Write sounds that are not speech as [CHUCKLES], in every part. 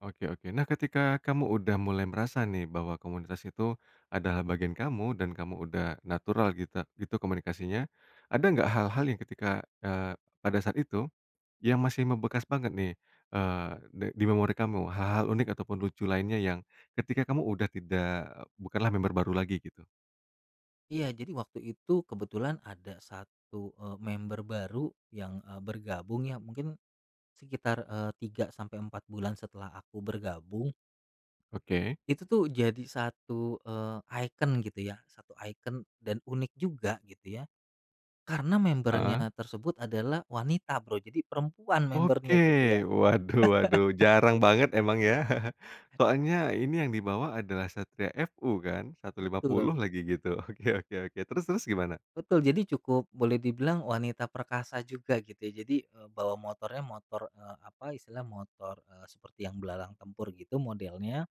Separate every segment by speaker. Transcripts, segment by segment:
Speaker 1: Oke oke. Nah, ketika kamu udah mulai merasa nih, bahwa komunitas itu adalah bagian kamu, dan kamu udah natural gitra gitu, komunikasinya, ada nggak hal-hal yang ketika eee, pada saat itu yang masih membekas banget nih, eee, di di memori kamu? Hal-hal unik ataupun lucu lainnya yang ketika kamu udah tidak bukanlah member baru lagi, gitu?
Speaker 2: Iya, jadi waktu itu, kebetulan ada 1, eee, member baru yang, eee, bergabung ya, mungkin sekitar, eee, 3, sampai 4 bulan setelah aku bergabung
Speaker 1: Oke.
Speaker 2: itu tuh jadi satu, eee, ikon, gitu ya, satu ikon, dan unik juga gitu ya. Karena
Speaker 1: Heeh.
Speaker 2: member-nya tersebut adalah wanita, Bro. Jadi, perempuan
Speaker 1: Oke.
Speaker 2: member-nya, gitu, ya.
Speaker 1: Waduh waduh
Speaker 2: [CHUCKLES]
Speaker 1: jarang banget emang ya. [CHUCKLES] Soalnya ini yang dibawa adalah Satria FU, kan?
Speaker 2: Betul.
Speaker 1: 150 lagi, gitu. Oke oke oke, terus terus, gimana?
Speaker 2: Betul. Jadi, cukup boleh dibilang wanita perkasa juga gitu, ya. Jadi, eee, bawa motornya motor, eee, apa istilahnya, motor, eee, seperti yang belalang tempur gitu modelnya,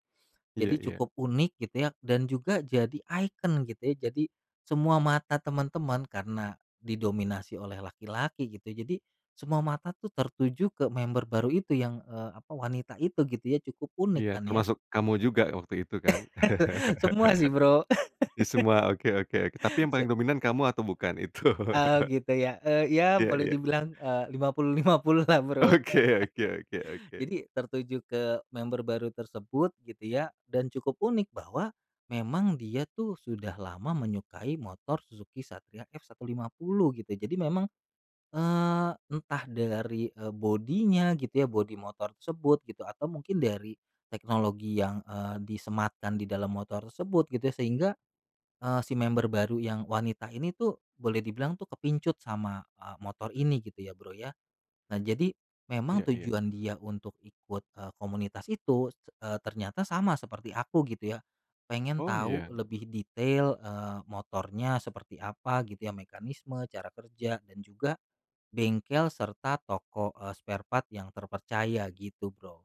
Speaker 1: Iya
Speaker 2: jadi
Speaker 1: iya.
Speaker 2: cukup unik gitu ya. Dan juga jadi ikon gitu ya. Jadi, semua mata teman-teman karena didominasi oleh laki-laki gitu ya, jadi, semua mata tuh tertuju ke member baru itu yang, eee, apa, wanita itu gitu ya. Cukup unik
Speaker 1: Iya.
Speaker 2: kan ya.
Speaker 1: Termasuk kamu juga waktu itu, kan?
Speaker 2: [CHUCKLES] Semua sih, Bro.
Speaker 1: [LAUGHS] Ya, semua, oke oke. Tapi, yang
Speaker 2: [LAUGHS]
Speaker 1: paling
Speaker 2: Se
Speaker 1: dominan kamu atau bukan itu?
Speaker 2: Oh,
Speaker 1: [CHUCKLES]
Speaker 2: gitu ya. Eee, ya
Speaker 1: Iya
Speaker 2: boleh
Speaker 1: iya.
Speaker 2: dibilang, eee, 50:50 lah, Bro.
Speaker 1: Oke oke oke
Speaker 2: [LAUGHS]
Speaker 1: oke.
Speaker 2: Jadi, tertuju ke member baru tersebut, gitu ya. Dan cukup unik bahwa memang dia tuh sudah lama menyukai motor Suzuki Satria F150 gitu ya. Jadi memang, eee, entah dari, eee, body-nya gitu ya, body motor tersebut gitu, atau mungkin dari teknologi yang, eee, disematkan di dalam motor tersebut gitu ya. Sehingga, eee, si member baru yang wanita ini tuh boleh dibilang tuh kepincut sama, eee, motor ini gitu ya, Bro, ya. Nah, jadi,
Speaker 1: Iya
Speaker 2: memang
Speaker 1: iya.
Speaker 2: tujuan dia untuk ikut, eee, komunitas itu, eee, ternyata sama seperti aku gitu ya, pengen
Speaker 1: Oh,
Speaker 2: tahu
Speaker 1: iya?
Speaker 2: lebih detail, eee, motornya seperti apa, gitu ya, mekanisme, cara kerja, dan juga bengkel, serta toko, eee, sparepart yang terpercaya gitu, Bro.